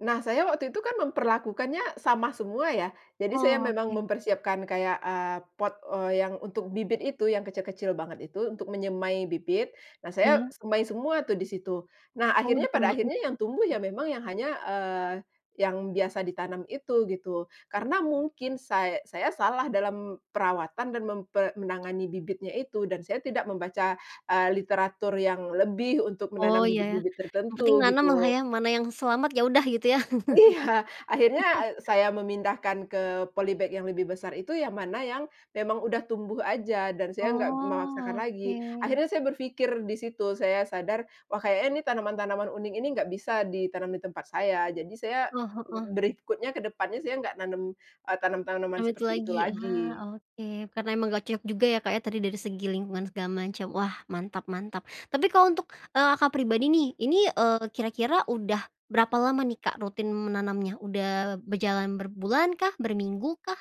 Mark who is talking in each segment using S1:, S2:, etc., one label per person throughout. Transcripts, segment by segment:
S1: Nah saya waktu itu kan memperlakukannya sama semua ya. Jadi saya memang
S2: Oke.
S1: mempersiapkan kayak, eee, pot, eee, yang untuk bibit itu yang kecil-kecil banget itu untuk menyemai bibit, nah saya
S2: Iya.
S1: semai semua tuh disitu. Nah
S2: Oh di
S1: akhirnya pada
S2: samain.
S1: akhirnya yang tumbuh ya memang yang hanya, eee, yang biasa ditanam itu gitu. Karena mungkin say saya salah dalam perawatan dan mempe menangani bibitnya itu dan saya tidak membaca, eee, literatur yang lebih untuk
S2: Oh
S1: menanam
S2: iya ya,
S1: bibit-bibit
S2: yang penting
S1: tertentu
S2: nanam lah
S1: gitu.
S2: ya mana yang selamat ya udah gitu ya?
S1: Iya akhirnya, eee, saya memindahkan ke polybag yang lebih besar itu yang mana yang, memang udah tumbuh aja dan saya nggak memaksakan
S2: Oh
S1: lagi.
S2: oke.
S1: Akhirnya saya berpikir disitu saya sadar wah kayaknya nih tanaman-tanaman unik ini nggak bisa ditanam di tempat saya jadi saya
S2: Heeh heeh.
S1: berikutnya ke depannya saya nggak menanam, eee, tanam-tanaman
S2: Duit
S1: seperti itu
S2: lagi,
S1: lagi.
S2: ah, oke karena emang gak cocok juga ya Kak ya tadi dari segi lingkungan segala macam wah mantap mantap. Tapi kalau untuk, eee, Kakak pribadi nih ini, eee, kira-kira udah berapa lama nih Kak rutin menanamnya? Udah berjalan berbulan kah? Berminggu kah?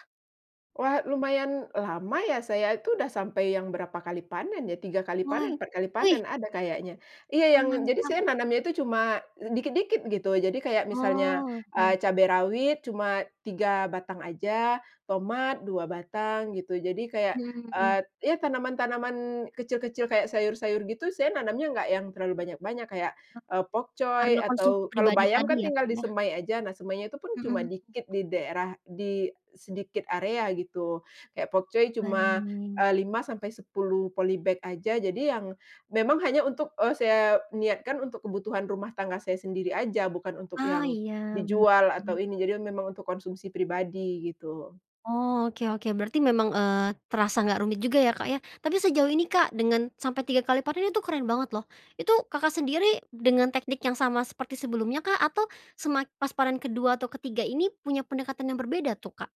S1: Wah lumayan lama ya saya itu sudah sampai yang berapa kali panen ya 3 kali
S2: Why?
S1: panen 4 kali
S2: Wih.
S1: panen ada kayaknya. Iya
S2: Wah
S1: yang jadi
S2: mantap.
S1: saya nanamnya itu cuma dikit-dikit gitu jadi kayak misalnya,
S2: Oh oke.
S1: eee, cabai rawit cuma 3 batang aja, tomat 2 batang gitu jadi kayak,
S2: Hmm, mhm.
S1: eee, ya tanaman-tanaman kecil-kecil kayak sayur-sayur gitu saya nanamnya nggak yang terlalu banyak-banyak kayak,
S2: Oh.
S1: eee,
S2: Karena
S1: pokcoy
S2: konsumsi
S1: atau kalau
S2: pribadi
S1: bayam
S2: tadi
S1: kan
S2: ya
S1: tinggal
S2: Kak ya?
S1: disemai aja nah semainya itu pun cuma
S2: Mhm.
S1: dikit di daerah di sedikit area gitu. Kayak pokcoy cuma,
S2: Baik.
S1: eee, 5-10 polybag aja jadi yang, memang hanya untuk, eee, saya niatkan untuk kebutuhan rumah tangga saya sendiri aja, bukan untuk
S2: Ah,
S1: yang,
S2: iya
S1: dijual atau
S2: betul.
S1: ini jadi memang untuk konsumsi pribadi gitu.
S2: Oh oke oke berarti memang, eee, terasa nggak rumit juga ya Kak ya, tapi sejauh ini Kak dengan sampai 3 kali panen itu keren banget loh. Itu Kakak sendiri dengan teknik yang sama seperti sebelumnya kah? Atau semak pas panen kedua atau ketiga ini punya pendekatan yang berbeda tuh Kak?